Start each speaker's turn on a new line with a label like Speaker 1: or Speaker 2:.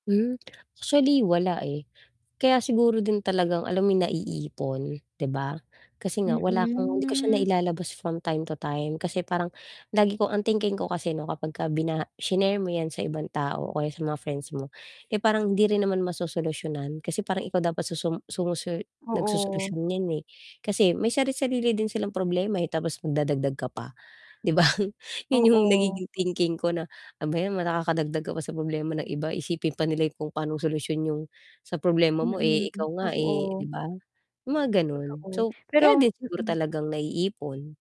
Speaker 1: Hmm, actually wala eh, kaya siguro din talagang alam mo yung naiipon 'di ba? Kasi nga wala kang hindi ko siya
Speaker 2: Mm.
Speaker 1: nailalabas from time to time, kasi parang lagi kong ang thinking ko kasi 'no kapag ka binaha shinare mo 'yan sa ibang tao o kaya sa mga friends mo eh, parang hindi rin naman masosolusyunan kasi parang ikaw dapat susum sumusu
Speaker 2: Oo.
Speaker 1: nag-sosolusyon n'yan eh. Kasi may sari-sarili din silang problema eh, tapos magdadagdag ka pa, 'di ba? Yun yung
Speaker 2: Oo.
Speaker 1: nagiging thinking ko na, "Ano ba 'yan, nakakadagdag ka pa sa problema ng iba, isipin pa nila yung kung pa'nong solusyon yung sa problema mo eh,
Speaker 2: Mm,
Speaker 1: ikaw nga eh." 'Di
Speaker 2: totoo.
Speaker 1: ba? Yung mga ganun.
Speaker 2: Totoo,
Speaker 1: So, kaya
Speaker 2: pero
Speaker 1: din siguro
Speaker 2: mm.
Speaker 1: talagang naiipon.